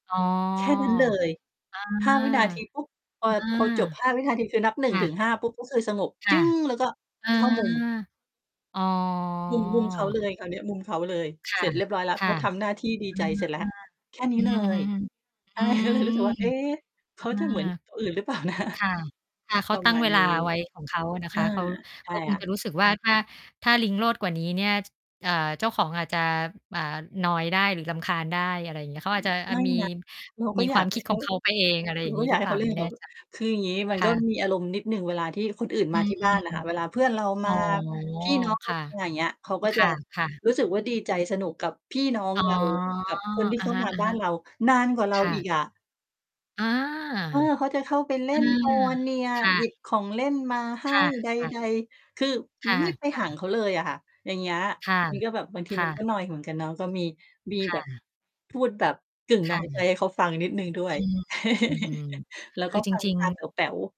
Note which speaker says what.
Speaker 1: อ๋อ
Speaker 2: แค่นั้นเลย
Speaker 1: อา
Speaker 2: 5 วินาที ปุ๊บ พอ
Speaker 1: อา
Speaker 2: พอจบ 5 วินาทีคือนับ ห
Speaker 1: ค
Speaker 2: นึ่ง
Speaker 1: ่
Speaker 2: ถึง
Speaker 1: ะ
Speaker 2: ห้า ปุ๊บ ก็คือสงบ
Speaker 1: ค
Speaker 2: จ
Speaker 1: ่ะ
Speaker 2: ึ้ง แล้วก็
Speaker 1: เออ
Speaker 2: เข้ามุม
Speaker 1: อ๋อ
Speaker 2: มุม มุมเขาเลยคราวเนี้ย มุมเขาเลย
Speaker 1: ค
Speaker 2: เ
Speaker 1: ่
Speaker 2: ส
Speaker 1: ะ
Speaker 2: ร็จเรียบร้อยแล้ว
Speaker 1: ค
Speaker 2: เ
Speaker 1: ่
Speaker 2: ข
Speaker 1: ะ
Speaker 2: าทำหน้าที่ ดี
Speaker 1: เออ
Speaker 2: ใจเสร็จแล้ว แค่น
Speaker 1: อ
Speaker 2: ี
Speaker 1: ื
Speaker 2: ้
Speaker 1: อ
Speaker 2: เล
Speaker 1: ฮึ
Speaker 2: ย
Speaker 1: ๆ อื
Speaker 2: ก็
Speaker 1: ม
Speaker 2: เลยรู้สึกว่า เอ๊ะ เข
Speaker 1: อา
Speaker 2: าจะเหมือนคนอื่นหรือ เปล่านะ?
Speaker 1: ค่ะ ค่ะ เข
Speaker 2: ป
Speaker 1: า
Speaker 2: ระ
Speaker 1: ตั้
Speaker 2: ม
Speaker 1: ง
Speaker 2: า
Speaker 1: เ
Speaker 2: ณ
Speaker 1: วลา
Speaker 2: นี้
Speaker 1: ไว้ของเขาอะนะ
Speaker 2: อ
Speaker 1: ค
Speaker 2: า
Speaker 1: ะ เขา
Speaker 2: ใช
Speaker 1: เข
Speaker 2: ่
Speaker 1: าคง
Speaker 2: ค่
Speaker 1: จะ
Speaker 2: ะ
Speaker 1: รู้สึกว่า ถ้า ถ้าลิงโลดกว่านี้เนี่ย จ อ่า เจ้าของอาจจะ อ่า นอยได้หรือรำคาญได้ อะไรอย่างเงี้ย เข
Speaker 2: อ
Speaker 1: าอาจจะ อ
Speaker 2: ไม่
Speaker 1: มี
Speaker 2: นะ เราก
Speaker 1: ม
Speaker 2: ็
Speaker 1: ี
Speaker 2: อ
Speaker 1: ค
Speaker 2: ย
Speaker 1: ว
Speaker 2: า
Speaker 1: า
Speaker 2: ก
Speaker 1: ม
Speaker 2: ใ
Speaker 1: ค
Speaker 2: ห
Speaker 1: ิ
Speaker 2: ้
Speaker 1: ด
Speaker 2: เ
Speaker 1: ข
Speaker 2: ข
Speaker 1: อ
Speaker 2: า
Speaker 1: งเขาไปเอง อะไรอ
Speaker 2: เร
Speaker 1: ย่
Speaker 2: า
Speaker 1: างง
Speaker 2: ก
Speaker 1: ี
Speaker 2: ็
Speaker 1: ้
Speaker 2: อย
Speaker 1: หร
Speaker 2: า
Speaker 1: ื
Speaker 2: ก
Speaker 1: อ
Speaker 2: ใ
Speaker 1: เ
Speaker 2: ห
Speaker 1: ป
Speaker 2: ้
Speaker 1: ล่
Speaker 2: เข
Speaker 1: า
Speaker 2: าเล่
Speaker 1: ไม
Speaker 2: น
Speaker 1: ่แ
Speaker 2: ก
Speaker 1: น
Speaker 2: ั
Speaker 1: ่
Speaker 2: บเข
Speaker 1: ใ
Speaker 2: า
Speaker 1: จ
Speaker 2: คืออย่างงี้มั
Speaker 1: ค
Speaker 2: น
Speaker 1: ่
Speaker 2: ก็
Speaker 1: ะ
Speaker 2: มีอารมณ์นิดหนึ่งเวลาที่คนอื่น
Speaker 1: อื
Speaker 2: มา
Speaker 1: ม
Speaker 2: ที่บ้านอะค่ะ เวลาเพื่อนเรา
Speaker 1: อ
Speaker 2: ม
Speaker 1: ๋
Speaker 2: า
Speaker 1: อ
Speaker 2: พี่น้อง เ
Speaker 1: ค
Speaker 2: รา
Speaker 1: ่ะ
Speaker 2: มา อย่างเงี้ย เขาก็
Speaker 1: ค
Speaker 2: จะ
Speaker 1: ่ะ ๆ
Speaker 2: รู้สึกว่าดีใจ สนุกกับพี่น้อง
Speaker 1: อ๋อ
Speaker 2: เรา กับคนที่
Speaker 1: อะ
Speaker 2: เขา
Speaker 1: ฮ
Speaker 2: มาบ้าน
Speaker 1: ะ
Speaker 2: เรา นานกว่าเ
Speaker 1: ๆ
Speaker 2: ร
Speaker 1: ค
Speaker 2: า
Speaker 1: ่ะ
Speaker 2: อีก
Speaker 1: ค
Speaker 2: อ
Speaker 1: ่
Speaker 2: ะ
Speaker 1: ะ อา
Speaker 2: เออ เขาจะเข้าไป เล่
Speaker 1: อื
Speaker 2: นน
Speaker 1: ม
Speaker 2: ัว เนีย
Speaker 1: ค่
Speaker 2: หยิบ
Speaker 1: ะ
Speaker 2: ของเล่นมา ให
Speaker 1: ค
Speaker 2: ้
Speaker 1: ่ะ
Speaker 2: ใด ๆ คือ
Speaker 1: ๆ
Speaker 2: อ
Speaker 1: ค
Speaker 2: ุ๊
Speaker 1: ่
Speaker 2: ย ไม่
Speaker 1: ะ
Speaker 2: ห่าง
Speaker 1: ๆ
Speaker 2: เขาเลยอะค่ะ อย่างเงี้ย
Speaker 1: ค่ะ
Speaker 2: มันก็แบบ บางที
Speaker 1: ค่
Speaker 2: มันก็
Speaker 1: ะ
Speaker 2: นอยเหมือนกันเนาะ ก็มี มี
Speaker 1: ค่
Speaker 2: แบบ
Speaker 1: ะ
Speaker 2: พูดแบบกึ่ง
Speaker 1: ค
Speaker 2: นอ
Speaker 1: ่ะ
Speaker 2: ยไปให้เขาฟังนิดหนึ่งด้ว
Speaker 1: อื
Speaker 2: ย
Speaker 1: ม อือ
Speaker 2: แล้
Speaker 1: ๆ
Speaker 2: ว
Speaker 1: คื
Speaker 2: ก็
Speaker 1: อจ
Speaker 2: ฟัง
Speaker 1: ริง
Speaker 2: ตาแ
Speaker 1: ๆ
Speaker 2: ป๋ว ๆ